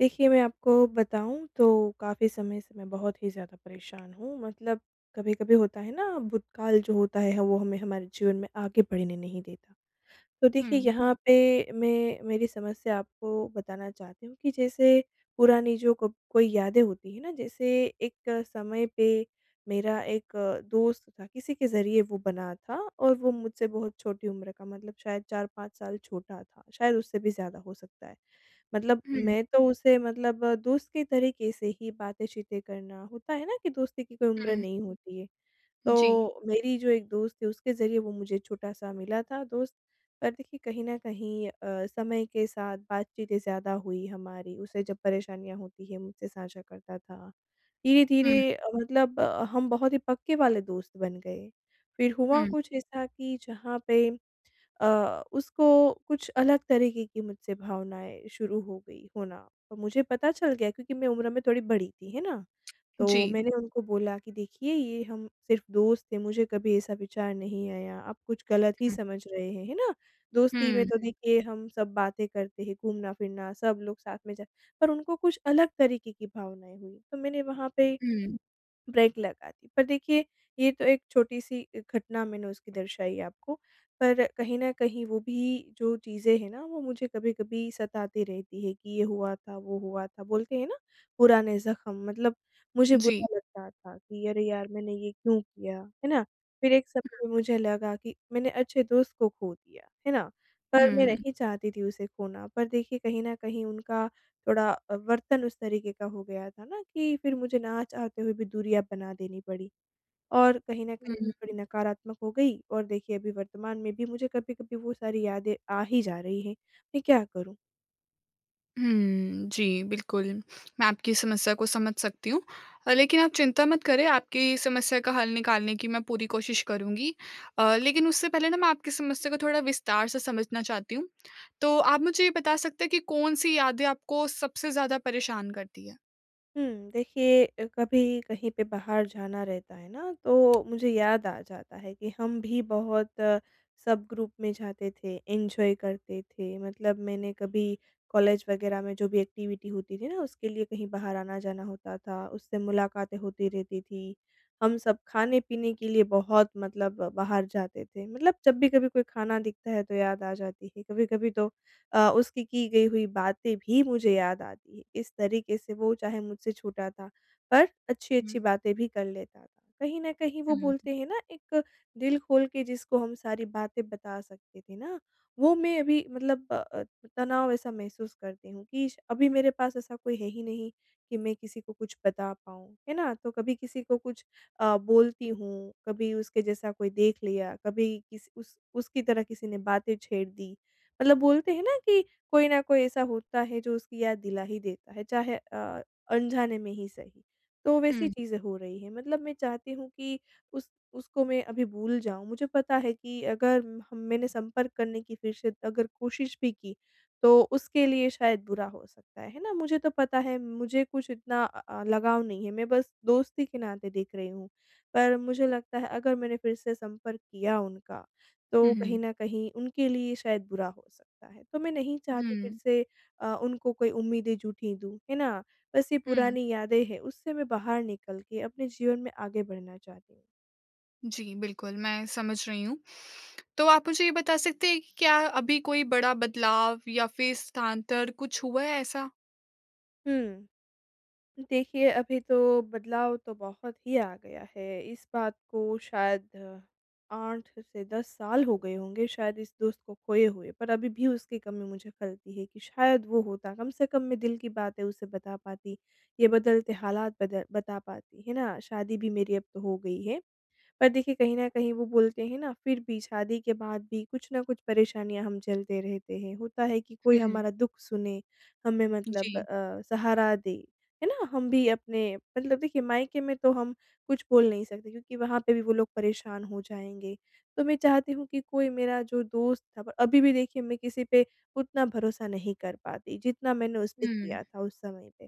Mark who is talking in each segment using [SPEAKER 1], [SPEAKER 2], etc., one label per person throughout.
[SPEAKER 1] देखिए, मैं आपको बताऊँ तो काफ़ी समय से मैं बहुत ही ज़्यादा परेशान हूँ, मतलब कभी-कभी होता है ना भूतकाल जो होता है ह वो हमें हमारे जीवन में आगे बढ़ने नहीं देता। तो देखिए,
[SPEAKER 2] हुँ।
[SPEAKER 1] यहाँ पे मैं मेरी समस्या आपको बताना चाहती हूँ कि जैसे, पुरानी जो कब कोई यादें होती हैं ना जैसे एक समय पे मेरा एक दोस्त था, किसी के ज़रिए वो बना था और वो मुझसे बहुत छोटी उम्र का मतलब शायद 4-5 साल छोटा था, शायद उससे भी ज़्यादा हो सकता है। मतलब
[SPEAKER 2] हुँ।
[SPEAKER 1] मैं तो उसे मतलब दोस्त के तरीके से ही बातें-चीतें करना, होता है ना कि दोस्ती की कोई उम्र
[SPEAKER 2] हुँ।
[SPEAKER 1] नहीं होती है।
[SPEAKER 2] जी।
[SPEAKER 1] तो मेरी जो एक दोस्त थी उसके ज़रिए वो मुझे छोटा सा मिला था दोस्त पर देखिए कहीं न कहीं अ, समय के साथ बातचीतें ज़्यादा हुई हमारी, उसे जब परेशानियाँ होती है मुझसे साझा करता था,
[SPEAKER 2] हुँ।
[SPEAKER 1] धीरे-धीरे अ, मतलब अ, हम बहुत ही पक्के वाले दोस्त बन गए, फिर हुआ
[SPEAKER 2] हुँ।
[SPEAKER 1] कुछ ऐसा कि जहाँ पे अ, उसको कुछ अलग तरीके की मुझसे भावनाएँ शुरू हो गई होना, और मुझे पता चल गया क्योंकि मैं उम्र में थोड़ी बड़ी थी, है ना? तो
[SPEAKER 2] जी।
[SPEAKER 1] मैंने उनको बोला कि देखिए ये हम सिर्फ़ दोस्त थे मुझे कभी ऐसा विचार नहीं आया, आप कुछ गलत ही
[SPEAKER 2] हुँ।
[SPEAKER 1] समझ रहे हैं। है ना? दोस्ती
[SPEAKER 2] हुँ,
[SPEAKER 1] में तो
[SPEAKER 2] हुँ।
[SPEAKER 1] देखिए हम सब बातें करते हैं, घूमना-फिरना सब लोग साथ में जा पर उनको कुछ अलग तरीके की भावनाएँ हुईं, तो मैंने वहाँ पे
[SPEAKER 2] हुँ।
[SPEAKER 1] ब्रेक लगा दी। पर देखिए, ये तो एक छोटी सी घटना मैंने उसकी दर्शायी आपको पर कहीं न कहीं वो भी जो चीज़ें हैं ना वो मुझे कभी-कभी सताती रहती है कि ये हुआ था, वो हुआ था बोलते हैं ना पुराने ज़ख्म मतलब मुझे
[SPEAKER 2] जी।
[SPEAKER 1] बुरा लगता था कि अरे यार मैंने ये क्यों किया है ना? फिर एक समय
[SPEAKER 2] हुँ।
[SPEAKER 1] में मुझे लगा कि मैंने अच्छे दोस्त को खो दिया, है ना, पर मैं
[SPEAKER 2] हुँ।
[SPEAKER 1] नहीं चाहती थी उसे खोना पर देखिए कहीं न कहीं उनका थोड़ा अ, वर्तन उस तरीके का हो गया था ना कि फिर मुझे ना चाहते आते हुए भी दूरियाँ बना देनी पड़ी। और कहीं न
[SPEAKER 2] हुँ,
[SPEAKER 1] कहीं थोड़ी
[SPEAKER 2] हुँ।
[SPEAKER 1] नकारात्मक हो गई और देखिए अभी वर्तमान में भी मुझे कभी-कभी वो सारी यादें आ ही जा रही हैं, मैं क्या करूँ?
[SPEAKER 2] हुँ। जी, बिल्कुल। मैं आपकी समस्या को समझ सकती हूँ। अ, लेकिन आप चिंता मत करें आपकी समस्या का हल निकालने की मैं पूरी कोशिश करुँगी। अ, लेकिन उससे पहले ना मैं आपकी समस्या को थोड़ा विस्तार से समझना चाहती हूँ। तो आप मुझे ये बता सकते हैं कि कौन-सी यादें आपको सबसे ज़्यादा परेशान करतीं हैं?
[SPEAKER 1] हुँ। देखिए अ, कभी कहीं पे बाहर जाना रहता है ना तो मुझे याद आ जाता है कि हम भी बहुत सब ग्रुप में जाते थे एन्जॉय करते थे। मतलब मैंने कभी कॉलेज वग़ैरह में जो भी एक्टिविटी होती थी ना उसके लिए कहीं बाहर आना जाना होता था उससे मुलाकातें होती रहती थी। हम सब खाने-पीने के लिए बहुत मतलब बाहर जाते थे मतलब जब भी कभी कोई खाना दिखता है तो याद आ जाती थी। कभी-कभी तो अ, उसकी की गई हुई बातें भी मुझे याद आती है। इस तरीके से वो चाहे मुझसे छोटा था पर
[SPEAKER 2] हुँ।
[SPEAKER 1] अच्छी-अच्छी बातें भी कर लेता था। कहीं न कहीं वो
[SPEAKER 2] हुँ।
[SPEAKER 1] बोलते हैं ना एक दिल खोल के जिसको हम सारी बातें बता सकते थे ना वो मैं अभी मतलब अ अ, तनाव ऐसा महसूस करती हूँ कि श अभी मेरे पास ऐसा कोई है ही नहीं कि मैं किसी को कुछ बता पाऊँ, है ना? तो कभी किसी को कुछ अ, बोलती हूँ कभी उसके जैसा कोई देख लिया कभी किस उस उसकी तरह किसी ने बातें छेड़ दी मतलब बोलते हैं ना कि कोई ना कोई ऐसा होता है जो उसकी याद दिला ही देता है चाहे अ अनजाने में ही सही। तो वैसी
[SPEAKER 2] हुँ।
[SPEAKER 1] चीज़ें हो रही हैं मतलब मैं चाहती हूँ कि उस उसको मैं अभी भूल जाऊँ मुझे पता है कि अगर हम मैंने संपर्क करने की फिर से अगर कोशिश भी की, तो उसके लिए शायद बुरा हो सकता है, है ना? मुझे तो पता है मुझे कुछ इतना अ अ, लगाव नहीं है मैं बस दोस्ती के नाते देख रही हूँ। पर मुझे लगता है अगर मैंने फिर से संपर्क किया उनका तो
[SPEAKER 2] हुँ,
[SPEAKER 1] कहीं
[SPEAKER 2] हुँ।
[SPEAKER 1] न कहीं उनके लिए शायद बुरा हो सकता है तो मैं नहीं चाहती फिर
[SPEAKER 2] हुँ।
[SPEAKER 1] से अ, उनको कोई उम्मीदें झूठी दूँ। है ना? बस ये
[SPEAKER 2] हुँ।
[SPEAKER 1] पुरानी यादें हैं उससे मैं बाहर निकल के अपने जीवन में आगे बढ़ना चाहती हूँ।
[SPEAKER 2] जी, बिल्कुल, मैं समझ रही हूँ। तो आप मुझे ये बता सकते हैं कि क्या अभी कोई बड़ा बदलाव या फिर स्थानांतर कुछ हुआ है ऐसा?
[SPEAKER 1] हुँ। देखिए, अभी तो बदलाव तो बहुत ही आ गया है। इस बात को शायद 8 से 10 साल हो गए होंगे शायद इस दोस्त को खोए हुए। पर अभी भी उसकी कमी मुझे खलती है कि शायद वो होता कम से कम मैं दिल की बातें उसे बता पाती, ये बदलते हालात बद बता पाती, है ना। शादी भी मेरी अब तो हो गई है। पर देखिए कहीं न कहीं वो बोलते हैं ना फिर भी शादी के बाद भी कुछ न कुछ परेशानियाँ हम झेलते रहते हैं। होता है कि कोई
[SPEAKER 2] हुँ।
[SPEAKER 1] हमारा दुःख सुने, हमें मतलब
[SPEAKER 2] जी।
[SPEAKER 1] अ, सहारा दे। है ना। हम भी अपने मतलब देखिए मायके में तो हम कुछ बोल नहीं सकते क्योंकि वहाँ पे भी वो लोग परेशान हो जाएँगे। तो मैं चाहती हूँ कि कोई मेरा जो दोस्त था अभी भी देखिए मैं किसी पे उतना भरोसा नहीं कर पाती, जितना मैंने उसपे किया
[SPEAKER 2] हुँ।
[SPEAKER 1] था, उस समय पे।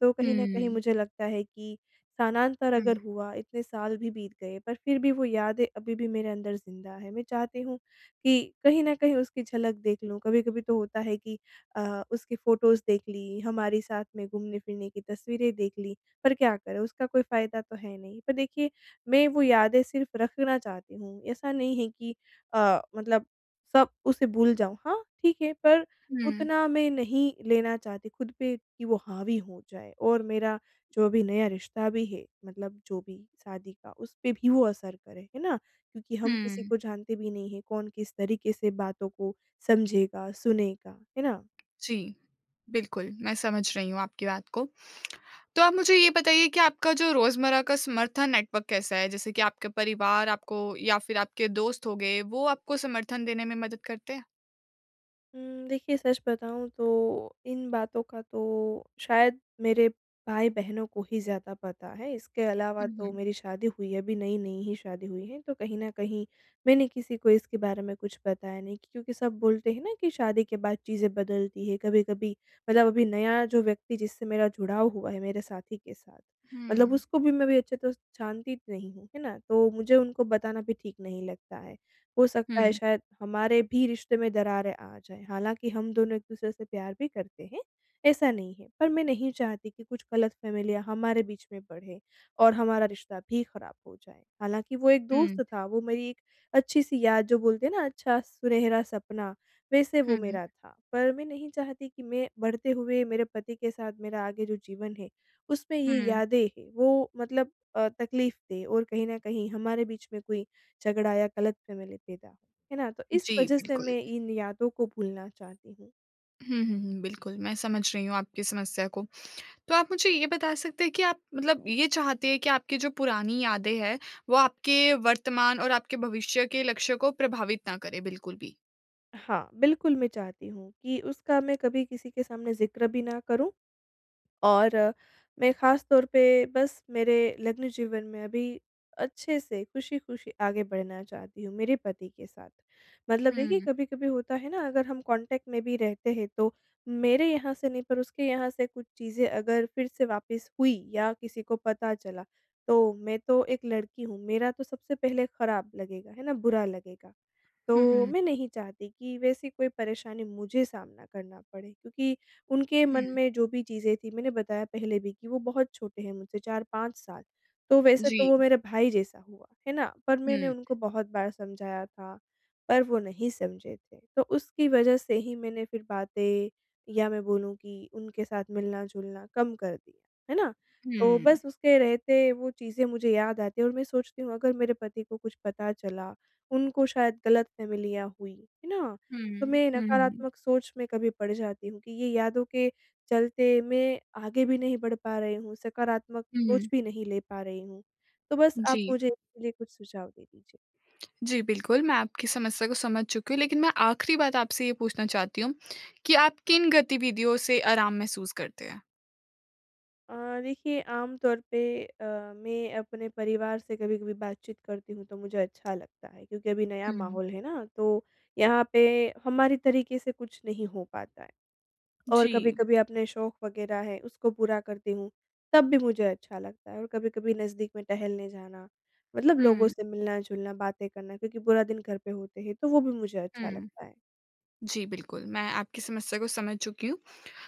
[SPEAKER 1] तो कहीं न कहीं
[SPEAKER 2] हुँ।
[SPEAKER 1] मुझे लगता है कि स्थानांतर
[SPEAKER 2] हुँ,
[SPEAKER 1] अगर
[SPEAKER 2] हुँ।
[SPEAKER 1] हुआ, इतने साल भी बीत गए, पर फिर भी वो यादें अभी भी मेरे अंदर ज़िंदा है। मैं चाहती हूँ कि कहीं न कहीं उसकी झलक देख लूँ। कभी-कभी तो होता है कि अ, उसकी फोटोज़ देख ली, हमारी साथ में घूमने-फिरने की तस्वीरें देख लीं। पर क्या करें, उसका कोई फ़ायदा तो है नहीं। पर देखिए मैं वो यादें सिर्फ़ रखना चाहती हूँ ऐसा नहीं है कि अ, मतलब सब उसे भूल जाऊँ। हाँ ठीक है पर
[SPEAKER 2] हुँ।
[SPEAKER 1] उतना मैं नहीं लेना चाहती खुद पे कि वो हावी हो जाए। और मेरा जो अभी नया रिश्ता भी है मतलब जो भी शादी का उस पे भी वो असर करे, है ना। क्योंकि हम किसी
[SPEAKER 2] हुँ।
[SPEAKER 1] को जानते भी नहीं है कौन किस तरीके से बातों को समझेगा, सुनेगा है ना।
[SPEAKER 2] जी। बिल्कुल, मैं समझ रही हूँ आपकी बात को। तो आप मुझे ये बताइए कि आपका जो रोज़मर्रा का समर्थन नेटवर्क कैसा है? जैसे कि आपके परिवार आपको या फिर आपके दोस्त हो गए, वो आपको समर्थन देने में मदद करते हैं?
[SPEAKER 1] उम, देखिए, सच बताऊँ तो इन बातों का तो शायद मेरे भाई-बहनों को ही ज़्यादा पता है इसके अलावा
[SPEAKER 2] हुँ,
[SPEAKER 1] तो
[SPEAKER 2] हुँ।
[SPEAKER 1] मेरी शादी हुई है, अभी नई-नई ही शादी हुई है, तो कहीं न कहीं मैंने किसी को इसके बारे में कुछ बताया नहीं कि क्योंकि सब बोलते हैं ना कि शादी के बाद चीज़ें बदलती है कभी-कभी। मतलब अभी नया जो व्यक्ति जिससे मेरा जुड़ाव हुआ है मेरे साथी के साथ, मतलब
[SPEAKER 2] हुँ।
[SPEAKER 1] उसको भी मैं अभी अच्छी तरह से जानती नहीं हूँ, है ना। तो मुझे उनको बताना भी ठीक नहीं लगता है, हो सकता है
[SPEAKER 2] हुँ।
[SPEAKER 1] शायद हमारे भी रिश्ते में दरारें आ जाएँ। हालाँकि हम दोनों एक-दूसरे से प्यार भी करते हैं, ऐसा नहीं है पर मैं नहीं चाहती कि गलत फ़ैमिलियाँ हमारे बीच में बढ़े और हमारा रिश्ता भी खराब हो जाए, हालाँकि वो एक
[SPEAKER 2] हुँ।
[SPEAKER 1] दोस्त था, वो मेरी एक अच्छी सी याद जो बोलते हैं ना अच्छा सुनहरा सपना वैसे
[SPEAKER 2] हुँ,
[SPEAKER 1] वो
[SPEAKER 2] हुँ।
[SPEAKER 1] मेरा था, पर मैं नहीं चाहती कि मैं बढ़ते हुए मेरे पति के साथ मेरा आगे जो जीवन है, उसपे ये
[SPEAKER 2] हुँ।
[SPEAKER 1] यादें हैं, वो मतलब अ, तकलीफ दें और कहीं न कहीं हमारे बीच में कोई झगड़ा या गलत फैमिली पैदा हो, है ना। तो इस
[SPEAKER 2] जी,
[SPEAKER 1] वजह से
[SPEAKER 2] बिल्कुल।
[SPEAKER 1] मैं इन यादों को भूलना चाहती हूँ।
[SPEAKER 2] हुँ, हुँ, हुँ। बिल्कुल, मैं समझ रही हूँ आपकी समस्या को। तो आप मुझे ये बता सकते हैं कि आप मतलब ये चाहते हैं कि आपकी जो पुरानी यादें हैं, वो आपके वर्तमान और आपके भविष्य के लक्ष्य को प्रभावित ना करें बिल्कुल भी?
[SPEAKER 1] हाँ, बिल्कुल, मैं चाहती हूँ कि उसका मैं कभी किसी के सामने ज़िक्र भी ना करूँ और मैं ख़ासतौर पे बस मेरे लग्न जीवन में अभी अच्छे से खुशी-खुशी आगे बढ़ना चाहती हूँ, मेरे पति के साथ। मतलब
[SPEAKER 2] हुँ,
[SPEAKER 1] देखिए,
[SPEAKER 2] हुँ।
[SPEAKER 1] कभी-कभी होता है ना, अगर हम कॉन्टैक्ट में भी रहते हैं, तो मेरे यहाँ से नहीं, पर उसके यहाँ से कुछ चीज़ें अगर फिर से वापस हुईं, या किसी को पता चला, तो मैं तो एक लड़की हूँ, मेरा तो सबसे पहले ख़राब लगेगा, है ना? बुरा लगेगा।
[SPEAKER 2] हुँ,
[SPEAKER 1] तो
[SPEAKER 2] हुँ।
[SPEAKER 1] मैं नहीं चाहती कि वैसी कोई परेशानी मुझे सामना करना पड़े, क्योंकि उनके मन
[SPEAKER 2] हुँ।
[SPEAKER 1] में जो भी चीज़ें थीं, मैंने बताया पहले भी कि वो बहुत छोटे हैं मुझसे, 4-5 साल। तो वैसे तो वो
[SPEAKER 2] जी।
[SPEAKER 1] मेरा भाई जैसा हुआ, है ना? पर मैंने
[SPEAKER 2] हुँ।
[SPEAKER 1] उनको बहुत बार समझाया था, पर वो नहीं समझे थे। तो उसकी वज़ह से ही मैंने फिर बातें, या मैं बोलूँ कि उनके साथ मिलना-जुलना कम कर दिया। है ना? तो
[SPEAKER 2] हुँ।
[SPEAKER 1] बस उसके रहते वो चीज़ें मुझे याद आती हैं और मैं सोचती हूँ, अगर मेरे पति को कुछ पता चला, उनको शायद गलतफ़हमियाँ हुईं, है ना? तो
[SPEAKER 2] हुँ,
[SPEAKER 1] मैं
[SPEAKER 2] हुँ।
[SPEAKER 1] नकारात्मक सोच में कभी पड़ जाती हूँ कि ये यादों के चलते, मैं आगे भी नहीं बढ़ पा रही हूँ, सकारात्मक सोच
[SPEAKER 2] हुँ।
[SPEAKER 1] भी नहीं ले पा रही हूँ, तो बस आप
[SPEAKER 2] जी।
[SPEAKER 1] मुझे इसके लिए कुछ सुझाव दे दीजिए?
[SPEAKER 2] जी, बिल्कुल, मैं आपकी समस्या को समझ चुकी हूँ, लेकिन मैं आखिरी बात आपसे ये पूछना चाहती हूँ कि आप किन गतिविधियों से आराम महसूस करते हैं?
[SPEAKER 1] अ, देखिए आम तौर पे अ, मैं अपने परिवार से कभी-कभी बातचीत करती हूँ तो मुझे अच्छा लगता है क्योंकि अभी नया
[SPEAKER 2] हुँ।
[SPEAKER 1] माहौल है ना तो यहाँ पे हमारी तरीके से कुछ नहीं हो पाता है। और
[SPEAKER 2] जी।
[SPEAKER 1] कभी-कभी अपने शौक वगैरह है उसको पूरा करती हूँ तब भी मुझे अच्छा लगता है, और कभी-कभी नज़दीक में टहलने जाना, मतलब लोगों
[SPEAKER 2] हुँ।
[SPEAKER 1] से मिलना-जुलना बातें करना क्योंकि पूरा दिन घर पे होते हैं तो वो भी मुझे अच्छा
[SPEAKER 2] हुँ।
[SPEAKER 1] लगता है।
[SPEAKER 2] जी बिल्कुल, मैं आपकी समस्या को समझ चुकी हूँ।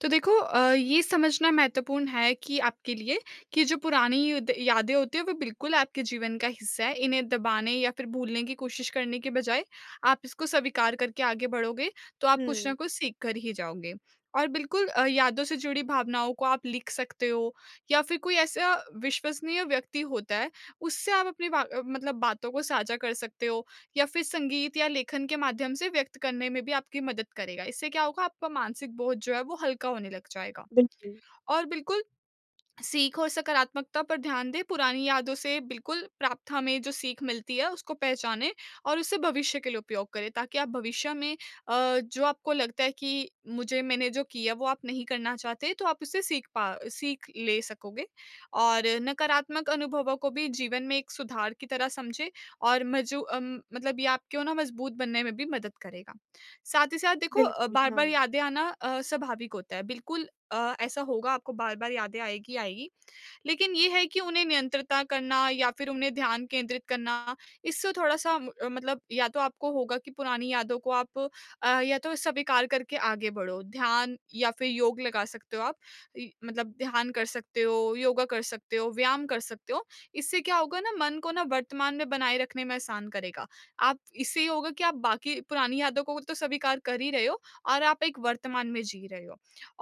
[SPEAKER 2] तो देखो अ, ये समझना महत्वपूर्ण है कि आपके लिए कि जो पुरानी द यादें होती हैं वो बिल्कुल आपके जीवन का हिस्सा है। इन्हें दबाने या फिर भूलने की कोशिश करने के बजाय, आप इसको सविकार करके आगे बढ़ोगे तो आप कुछ ना
[SPEAKER 1] हुँ।
[SPEAKER 2] कुछ सीख कर ही जाओगे। और बिल्कुल अ, यादों से जुड़ी भावनाओं को आप लिख सकते हो, या फिर कोई ऐसा विश्वसनीय व्यक्ति होता है उससे आप अपनी बा मतलब बातों को साझा कर सकते हो या फिर संगीत या लेखन के माध्यम से व्यक्त करने में भी आपकी मदद करेगा। इससे क्या होगा आपका मानसिक बोझ जो है वो हल्का होने लग जाएगा।
[SPEAKER 1] बिल्कुल।
[SPEAKER 2] और बिल्कुल, सीख और सकारात्मकता पर ध्यान दें, पुरानी यादों से बिल्कुल प्राप्त हमें जो सीख मिलती है उसको पहचानें और उसे भविष्य के लिए उपयोग करें, ताकि आप भविष्य में अ, जो आपको लगता है कि मुझे मैंने जो किया वो आप नहीं करना चाहते तो आप उससे सीख पा सीख ले सकोगे और नकारात्मक अनुभवों को भी जीवन में एक सुधार की तरह समझे, और मजू अम, मतलब ये आपको ना मजबूत बनने में भी मदद करेगा। साथ ही साथ देखो अ,
[SPEAKER 1] बिल्कुल,
[SPEAKER 2] बार-बार
[SPEAKER 1] हाँ।
[SPEAKER 2] यादें आना अ, स्वाभाविक होता है, बिल्कुल अ, ऐसा होगा आपको बार-बार यादें आएगी, आएगी। लेकिन ये है कि उन्हें नियंत्रता करना या फिर उन्हें ध्यान केंद्रित करना, इससे थोड़ा-सा म मतलब या तो आपको होगा कि पुरानी यादों को आप अ, या तो सविकार करके आगे बढ़ो, ध्यान या फिर योग लगा सकते हो आप। इ मतलब ध्यान कर सकते हो, योगा कर सकते हो, व्यायाम कर सकते हो, इससे क्या होगा ना मन को ना वर्तमान में बनाए रखने में आसान करेगा। आप इससे ये होगा कि आप बाकी पुरानी यादों को तो सविकार कर ही रहे हो और आप एक वर्तमान में जी रहे हो।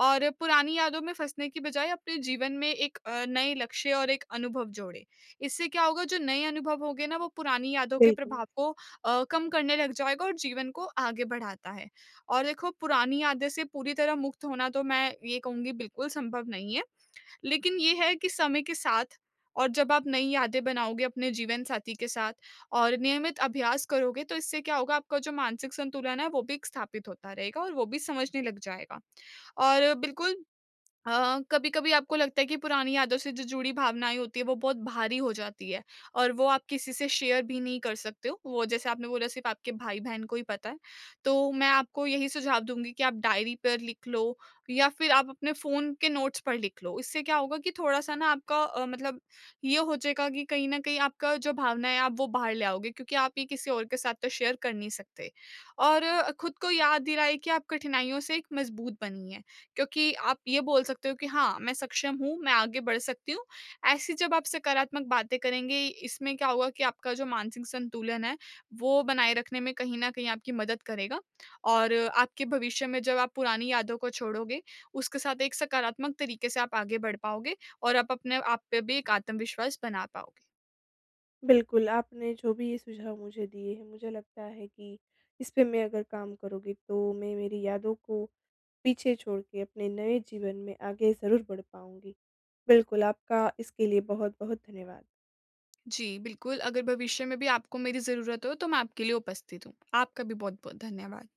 [SPEAKER 2] और पुरानी यादों में फँसने की बजाय अपने जीवन में एक अ, नए लक्ष्य और एक अनुभव जोड़ें। इससे क्या होगा जो नए अनुभव होंगे ना वो पुरानी यादों के
[SPEAKER 1] बिल्कुल।
[SPEAKER 2] प्रभाव को अ, कम करने लग जाएगा और जीवन को आगे बढ़ाता है और देखो पुरानी यादें से पूरी तरह मुक्त होना तो मैं ये कहूँगी बिल्कुल संभव नहीं है। लेकिन ये है कि समय के साथ और जब आप नई यादें बनाओगे अपने जीवनसाथी के साथ और नियमित अभ्यास करोगे तो इससे क्या होगा आपका जो मानसिक संतुलन है वो भी एक स्थापित होता रहेगा और वो भी समझने लग जाएगा। और बिल्कुल अ अ, कभी-कभी आपको लगता है कि पुरानी यादों से जो जुड़ी भावनाएँ होती है वो बहुत भारी हो जाती है और वो आप किसी से शेयर भी नहीं कर सकते हो। वो जैसे आपने बोला सिर्फ़ आपके भाई-बहन को ही पता है, तो मैं आपको यही सुझाव दूँगी कि आप डायरी पर लिख लो, या फिर आप अपने फ़ोन के नोट्स पर लिख लो। इससे क्या होगा कि थोड़ा-सा ना आपका अ, मतलब ये हो जाएगा कि कहीं न कहीं आपका जो भावना है आप वो बाहर ले आओगे क्योंकि आप ये किसी और के साथ तो शेयर कर नहीं सकते। और अ, खुद को याद दिलाएँ कि आप कठिनाइयों से एक मज़बूत बनी है क्योंकि आप ये बोल सकते हो कि हाँ मैं सक्षम हूँ, मैं आगे बढ़ सकती हूँ। ऐसी जब आप सकारात्मक बातें करेंगे, इसमें क्या होगा कि आपका जो मानसिक संतुलन है वो बनाए रखने में कहीं न कहीं आपकी मदद करेगा और आपके भविष्य में जब आप पुरानी यादों को छोड़ोगे, उसके साथ एक सकारात्मक तरीके से आप आगे बढ़ पाओगे और आप अपने आप पे भी एक आत्मविश्वास बना पाओगे।
[SPEAKER 1] बिल्कुल, आपने जो भी ये सुझाव मुझे दिए हैं मुझे लगता है कि इस पे मैं अगर काम करूँगी तो मैं मेरी यादों को पीछे छोड़ के अपने नए जीवन में आगे ज़रूर बढ़ पाऊँगी। बिल्कुल आपका इसके लिए बहुत-बहुत धन्यवाद।
[SPEAKER 2] जी बिल्कुल, अगर भविष्य में भी आपको मेरी ज़रूरत हो तो मैं आपके लिए उपस्थित हूँ। आपका भी बहुत-बहुत धन्यवाद।